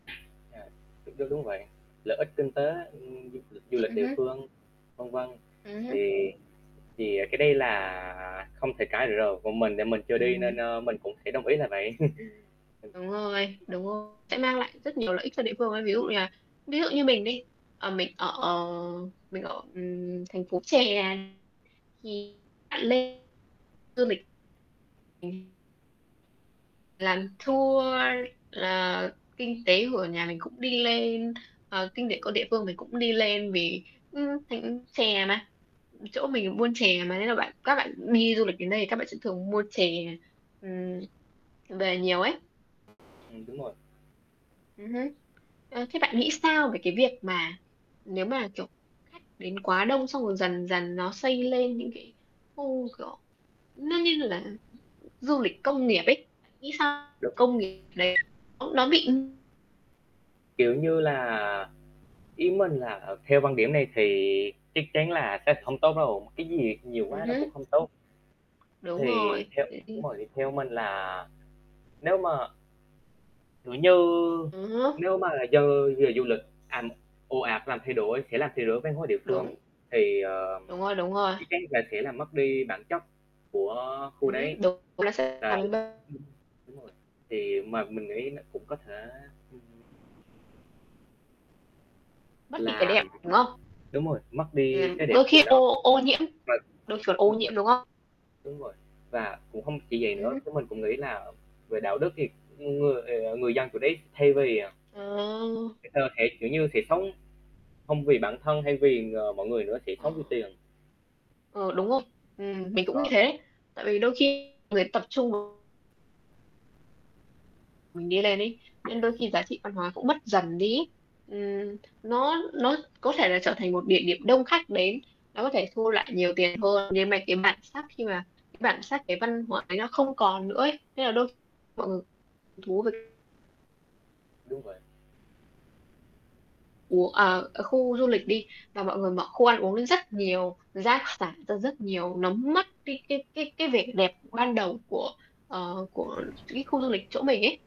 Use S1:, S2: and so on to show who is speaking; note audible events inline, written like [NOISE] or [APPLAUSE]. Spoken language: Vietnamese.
S1: À, đúng, đúng, đúng vậy. Lợi ích kinh tế, ưm, du lịch du
S2: [UNINTELLIGIBLE]
S1: lịch
S2: Ừm
S1: địa
S2: hứm.
S1: phương, vân vân,
S2: Ừm hứm.
S1: thì thì cái đây là không thể cãi được rồi, còn mình thì mình chưa đi nên,
S2: Ừm.
S1: ơ, mình cũng sẽ đồng ý là vậy. [CHUCKLES] Ừm.
S2: Đúng rồi, đúng rồi. Sẽ mang lại rất nhiều lợi ích cho địa phương ấy. Ví dụ như-là ví dụ như mình đi, ờ, mình, ờ, ờ mình ở, ừm, thành phố chè, thì bạn lên du lịch thì làm tour là kinh tế của nhà mình cũng đi lên, ờ, kinh tế của địa
S1: [UNINTELLIGIBLE]
S2: phương mình cũng đi lên, vì, ưm, [UNINTELLIGIBLE] chè mà, ừ, chỗ mình buôn chè mà, nên là bạn các bạn đi du lịch đến đây thì các bạn sẽ thường mua chè, ừm, về nhiều ấy.
S1: Ừm, đúng rồi.
S2: Ừm hứm. Ờ, thế bạn nghĩ sao về cái việc mà, nếu mà, kiểu, khách đến quá đông, xong rồi dần dần nó xây lên những cái khu, kiểu, nó như là, du lịch công nghiệp ấy, nghĩ sao?
S1: Đúng.
S2: Công nghiệp đấy nó bị
S1: Kiểu như là, ý mình là theo quan điểm này thì chắc chắn là sẽ không tốt đâu, cái gì nhiều quá
S2: Ừm
S1: nó cũng
S2: hứm.
S1: không tốt.
S2: Đúng
S1: Thì
S2: rồi,
S1: theo đúng
S2: đấy.
S1: rồi, thì theo mình là, nếu mà kiểu như,
S2: Ừm hứm.
S1: nếu mà dân về du lịch, à, ồ ạt làm thay đổi sẽ làm thay đổi văn hóa địa phương,
S2: Đúng.
S1: thì, ờ,
S2: Đúng rồi, đúng rồi.
S1: chắc chắn là sẽ làm mất đi bản chất của khu
S2: Ừm
S1: đấy.
S2: hứm, đúng, nó sẽ
S1: Ờ, đúng, đúng rồi,
S2: [UNINTELLIGIBLE]
S1: thì mà mình nghĩ nó cũng có thể ừm.
S2: Mất đi cái
S1: Là,
S2: đẹp,
S1: ừm hứm
S2: đúng không?
S1: đúng rồi, mất đi
S2: Ừm,
S1: cái đẹp
S2: đôi
S1: của
S2: khi
S1: nó.
S2: ô ô nhiễm,
S1: Rồi
S2: đôi khi còn ô
S1: đúng vậy.
S2: nhiễm, đúng không?
S1: Đúng rồi, và cũng không chỉ vậy
S2: Ừm
S1: nữa,
S2: hứm.
S1: chứ mình cũng nghĩ là về đạo đức thì con người thì, à người dân xử lý, thay vì, ờ
S2: Ờ.
S1: cái cơ thể, kiểu như, sẽ sống không vì bản thân hay vì, à, mọi người nữa, sẽ
S2: Ờ.
S1: sống vì tiền.
S2: Ừ, đúng không? Ừm, mình
S1: Cũng
S2: cũng nghĩ
S1: có.
S2: thế. Tại vì đôi khi người tập trung mình đi lên ấy, nên đôi khi giá trị văn hóa cũng mất dần đi ấy. Ừm, nó nó có thể là trở thành một địa điểm đông khách đến, nó có thể thu lại nhiều tiền hơn, nhưng mà cái bản sắc khi mà cái bản sắc, cái văn hóa ấy nó không còn nữa ấy, nên là đôi mọi người hứng thú về
S1: Đúng vậy.
S2: Ủa, à, ở khu du lịch đi và mọi người mở khu ăn uống rất nhiều, giá giảm ra rất nhiều, nó mất đi cái cái cái cái vẻ đẹp ban đầu của, ờ, của cái khu du lịch chỗ mình ấy.